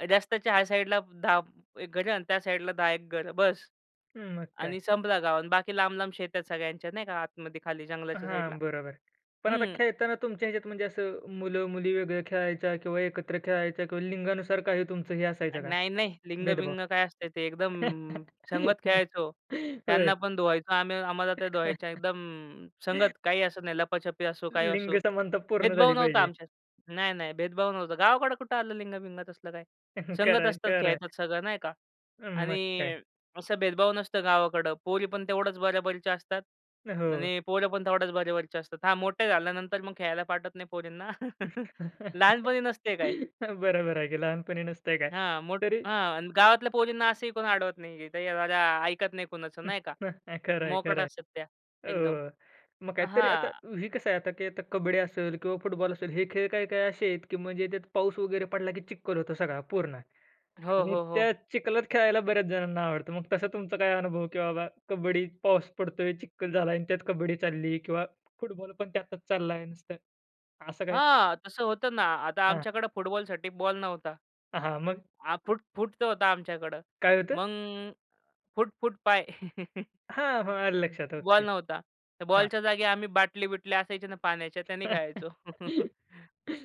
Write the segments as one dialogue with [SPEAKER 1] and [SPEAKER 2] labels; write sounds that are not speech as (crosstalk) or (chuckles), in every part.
[SPEAKER 1] रस्त्याच्या ह्या साईडला 10 एक घर आणि त्या साईडला 10 एक घर बस
[SPEAKER 2] हं, मग काय.
[SPEAKER 1] आणि संपला गाव आणि बाकी लांब-लांब शेतं सगळ्यांच्या नाही का आतमध्ये खाली जंगलाच्या साईडला.
[SPEAKER 2] हां, बरोबर. पण आता
[SPEAKER 1] हम्म.
[SPEAKER 2] खेळताना तुमच्या ह्याच्यात म्हणजे असं मुलं-मुली वेगळे खेळायच्या किंवा एकत्र खेळायच्या किंवा लिंगानुसार काही तुमचं हे असायचं का,
[SPEAKER 1] नाही-नाही.
[SPEAKER 2] भेदभाव?
[SPEAKER 1] लिंग-बिंग काय असते ते एकदम संगत
[SPEAKER 2] (laughs)
[SPEAKER 1] खेळायचो.
[SPEAKER 2] होय.
[SPEAKER 1] त्यांना पण धुवायचो आम्ही, आम्हाला त्या धुवायच्या. एकदम
[SPEAKER 2] (laughs)
[SPEAKER 1] संगत काही असत नाही. लपाछपी असो, काही
[SPEAKER 2] लिंग
[SPEAKER 1] असो,
[SPEAKER 2] समानता पूर्ण
[SPEAKER 1] भेदभाव
[SPEAKER 2] झाली
[SPEAKER 1] नव्हता
[SPEAKER 2] पाहिजे.
[SPEAKER 1] आमच्यात. नाही-नाही, भेदभाव नव्हता. गावाकडं कुठं आलं लिंग-बिंग असलं काय,
[SPEAKER 2] (chuckles) खरं
[SPEAKER 1] संगत
[SPEAKER 2] आहे,
[SPEAKER 1] असतात,
[SPEAKER 2] खरं आहे.
[SPEAKER 1] खेळतात सगळं नाही का
[SPEAKER 2] अं, मग काय.
[SPEAKER 1] आणि असं भेदभाव नसतं गावाकडं. पोरी पण तेवढ्याच बरोबरीच्या असतात
[SPEAKER 2] हो.
[SPEAKER 1] आणि पोरं पण तेवढ्याच बरोबरीचे असतात. हां, मोठे झाल्यानंतर मग खेळायला पाठवत नाही पोरींना. (chuckles) लहानपणी
[SPEAKER 2] (chuckles)
[SPEAKER 1] नसते काय.
[SPEAKER 2] बरोबर आहे की लहानपणी नसतंय काय.
[SPEAKER 1] हां, मोठ
[SPEAKER 2] तरी
[SPEAKER 1] हां, गावातल्या पोरींना असंही कोणी अडवत नाही. ते अ, रा ऐकत नाही कुणाचं
[SPEAKER 2] (chuckles)
[SPEAKER 1] नाही का, मोकाट
[SPEAKER 2] खरंय-खरंय.
[SPEAKER 1] असतात त्या एकदम.
[SPEAKER 2] अ, मग
[SPEAKER 1] अ,
[SPEAKER 2] काहीतरी आता
[SPEAKER 1] हां.
[SPEAKER 2] हे कसं आहे, आता की कबड्डी असेल किंवा फुटबॉल असेल, हे खेळ काही-काही असे आहेत की म्हणजे त्यात पाऊस वगैरे पडला की चिखल होतं सगळा पूर्ण
[SPEAKER 1] हो,
[SPEAKER 2] आणि
[SPEAKER 1] हो, हो.
[SPEAKER 2] त्या चिखलात खेळायला बऱ्याच जणांना आवडतं. मग तसा तुमचा काय अनुभव की बाबा, कबड्डीत पाऊस पडतोय, चिखल झाला आहे आणि त्यात कबड्डी चालली किंवा फुटबॉल पण त्यातच चाललाय नुसतं असं काही?
[SPEAKER 1] हां, तसं होतं ना. आता
[SPEAKER 2] हां.
[SPEAKER 1] आमच्याकडे फुटबॉलसाठी बॉल नव्हता.
[SPEAKER 2] हां, हां. मग?
[SPEAKER 1] हां, फुट फुट तो होता आमच्याकडं.
[SPEAKER 2] काय होतं?
[SPEAKER 1] मग फुट फुट पाय (chuckles)
[SPEAKER 2] हां, हां. आलं लक्षात.
[SPEAKER 1] Ball
[SPEAKER 2] okay.
[SPEAKER 1] नव्हता. तर
[SPEAKER 2] हां.
[SPEAKER 1] बॉलच्या जागी आम्ही बाटली-बिटली असायचे ना पाण्याच्या, त्याने
[SPEAKER 2] (chuckles)
[SPEAKER 1] खेळायचो. (chuckles)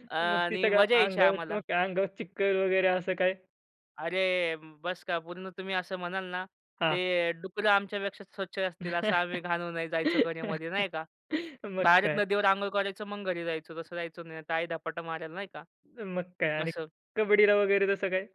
[SPEAKER 1] अ,
[SPEAKER 2] मग ती
[SPEAKER 1] आणि
[SPEAKER 2] सगळ्या
[SPEAKER 1] मजा यायची
[SPEAKER 2] अंगावर
[SPEAKER 1] आम्हाला.
[SPEAKER 2] मग अंगावर चिखल वगैरे असं काय?
[SPEAKER 1] अरे, बस का पूर्ण तुम्ही असं म्हणाल ना,
[SPEAKER 2] हां.
[SPEAKER 1] ते डुकरं आमच्यापेक्षा स्वच्छ असतील. असं आम्ही
[SPEAKER 2] (laughs)
[SPEAKER 1] घाण होऊन जायचो घरामध्ये नाही का,
[SPEAKER 2] मग
[SPEAKER 1] बाहेरच
[SPEAKER 2] काय?
[SPEAKER 1] नदीवर आंघोळ करायचो, मग घरी जायचो. तसं जायचो, नाही तर आई धपाटा मारल नाही का
[SPEAKER 2] मग काय आणि
[SPEAKER 1] असं.
[SPEAKER 2] कबड्डीला वगैरे तसं काय?